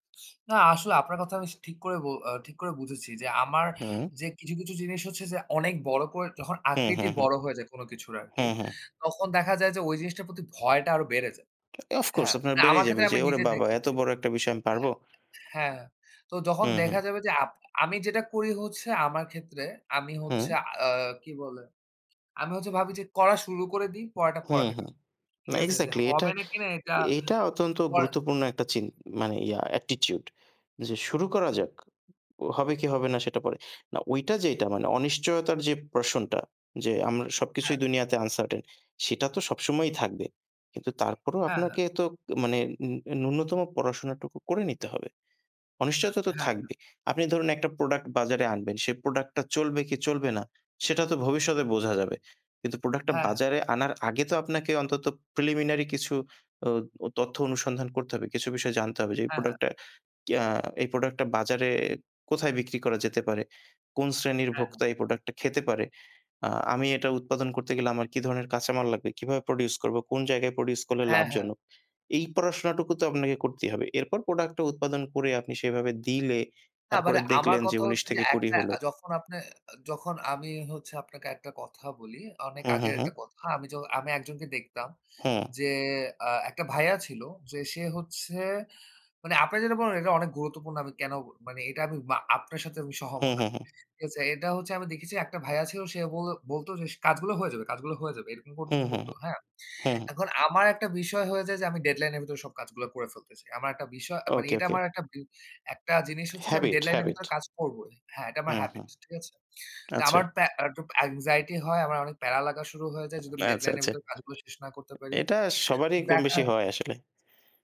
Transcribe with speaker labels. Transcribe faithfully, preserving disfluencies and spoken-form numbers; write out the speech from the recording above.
Speaker 1: না আসলে আপনার কথা আমি ঠিক করে অ ঠিক করে বুঝেছি যে আমার
Speaker 2: হুম।
Speaker 1: যে কিছু, কিছু জিনিস হচ্ছে যে অনেক বড় করে যখন
Speaker 2: হু, হু,
Speaker 1: আকৃতি
Speaker 2: হু,
Speaker 1: বড় হয়ে যায় কোন কিছুর
Speaker 2: হু,
Speaker 1: আরকি,
Speaker 2: হু।
Speaker 1: তখন দেখা যায় যে ওই জিনিসটার প্রতি ভয়টা আরো বেড়ে যায়।
Speaker 2: of course
Speaker 1: হ্যাঁ,
Speaker 2: আপনার
Speaker 1: না আমার
Speaker 2: বেড়েই যাবে
Speaker 1: ক্ষেত্রে
Speaker 2: যে
Speaker 1: আমি
Speaker 2: ওরে
Speaker 1: নিজে
Speaker 2: বাবা! এত
Speaker 1: দেখেছি
Speaker 2: বড় একটা বিষয় আমি পারব?
Speaker 1: হ্যাঁ, হ্যাঁ, তো যখন
Speaker 2: হুম,
Speaker 1: দেখা
Speaker 2: হুম।
Speaker 1: যাবে যে আপ আপনি আমি যেটা করি হচ্ছে আমার ক্ষেত্রে আমি হচ্ছে
Speaker 2: হু।
Speaker 1: আ কি বলে, আমি হচ্ছে ভাবি যে করা শুরু করে দিই পড়াটা
Speaker 2: হু,
Speaker 1: পড়া
Speaker 2: হু।
Speaker 1: দেখা যাবে। ঠিক
Speaker 2: না
Speaker 1: আছে? যে
Speaker 2: exactly এটা,
Speaker 1: হবে না কিনা এটা।
Speaker 2: এটা অত্যন্ত
Speaker 1: পর
Speaker 2: গুরুত্বপূর্ণ একটা চিন মানে ইয়া attitude যে শুরু করা যাক। ও হবে কি হবে না সেটা পরে। না ঐইটা যেইটা মানে অনিশ্চয়তার যেই portion যে আমরা
Speaker 1: হ্যাঁ।
Speaker 2: সবকিছুই দুনিয়াতে uncertain সেটা তো সবসময়ই থাকবে। কিন্তু তারপরও
Speaker 1: হ্যাঁ,
Speaker 2: আপনাকে
Speaker 1: হ্যাঁ।
Speaker 2: তো মানে নূ ন্যূনতম পড়াশোনাটুকু করে নিতে হবে। অনিশ্চয়তা তো
Speaker 1: হ্যাঁ, হ্যাঁ।
Speaker 2: থাকবেই। আপনি ধরুন একটা প্রোডাক্ট বাজারে আনবেন। সে প্রোডাক্টটা চলবে কি চলবে না সেটা তো ভবিষ্যতে বোঝা যাবে। কিন্তু প্রোডাক্টটা
Speaker 1: হ্যাঁ, হ্যাঁ।
Speaker 2: বাজারে আনার আগে তো আপনাকে অন্তত preliminary কিছু অ অ তথ্য অনুসন্ধান করতে হবে। কিছু বিষয়ে জানতে হবে, যে এই
Speaker 1: হ্যাঁ, হ্যাঁ।
Speaker 2: প্রোডাক্ট কিয়া এই প্রোডাক্টটা বাজারে কোথায় বিক্রি করা যেতে পারে, কোন শ্রেণীর
Speaker 1: হ্যাঁ, হ্যাঁ।
Speaker 2: ভোক্তা এই প্রোডাক্টটা খেতে পারে। আ আমি এটা উৎপাদন করতে গেলে আমার কি ধরণের কাঁচামাল লাগবে, কিভাবে produce করব, কোন জায়গায় produce করলে
Speaker 1: হ্যাঁ, হ্যাঁ।
Speaker 2: লাভজনক। এই পড়াশোনাটুকু তো আপনাকে করতেই হবে। এরপর প্রোডাক্টটা উৎপাদন করে আপনি সেভাবে দিলে
Speaker 1: না
Speaker 2: তারপরে
Speaker 1: মানে আমার
Speaker 2: দেখলেন যে
Speaker 1: কথা
Speaker 2: উনিশ
Speaker 1: হচ্ছে, যে
Speaker 2: থেকে কুড়ি
Speaker 1: একটা
Speaker 2: হলো।
Speaker 1: আ যখন আপনে যখন আমি হচ্ছে আপনাকে একটা কথা বলি, অনেক
Speaker 2: হু, হু,
Speaker 1: আগের
Speaker 2: হু।
Speaker 1: একটা কথা, আমি জ আমি একজনকে দেখতাম
Speaker 2: হু।
Speaker 1: যে আ একটা ভাইয়া ছিল যে সে হচ্ছে, মানে আপনে যেটা বলেন এটা অনেক গুরুত্বপূর্ণ আমি কেন মানে এটা আমি মা আপনার সাথে আমি
Speaker 2: হু,
Speaker 1: সহমত
Speaker 2: হু,
Speaker 1: আরকি
Speaker 2: হু।
Speaker 1: ঠিক আছে? এটা হচ্ছে আমি দেখেছি একটা ভাইয়া ছিল সে বলে বলত যে সে কাজগুলো হয়ে যাবে। কাজগুলো হয়ে যাবে। এরকম
Speaker 2: হু,
Speaker 1: করতো
Speaker 2: হু,
Speaker 1: করত। হ্যাঁ,
Speaker 2: হু।
Speaker 1: এখন আমার একটা বিষয় হয়ে যায় যে, আমি deadline এর ভেতরে সব কাজগুলা করে ফেলতে চাই। আমার একটা বিষয়, আ মানে
Speaker 2: ওকে,
Speaker 1: এটা
Speaker 2: ওকে।
Speaker 1: আমার একটা বি একটা জিনিস হচ্ছে যে আমি
Speaker 2: habit,
Speaker 1: deadline এর ভেতরে
Speaker 2: habit
Speaker 1: কাজ করবই। হ্যাঁ, এটা
Speaker 2: হু,
Speaker 1: আমার
Speaker 2: হু।
Speaker 1: habit ঠিক আছে?
Speaker 2: আচ্ছা।
Speaker 1: আমার প্যা আর একটু anxiety হয়, আমার অনেক প্যারা লাগা শুরু হয়ে যায় যদি আমি
Speaker 2: আচ্ছা,
Speaker 1: ডেডলাইন এর
Speaker 2: আচ্ছা।
Speaker 1: ভেতরে কাজগুলো শেষ না করতে পারি।
Speaker 2: এটা সবারই
Speaker 1: তো
Speaker 2: কম বেশি
Speaker 1: দেখা
Speaker 2: হয় আসলে।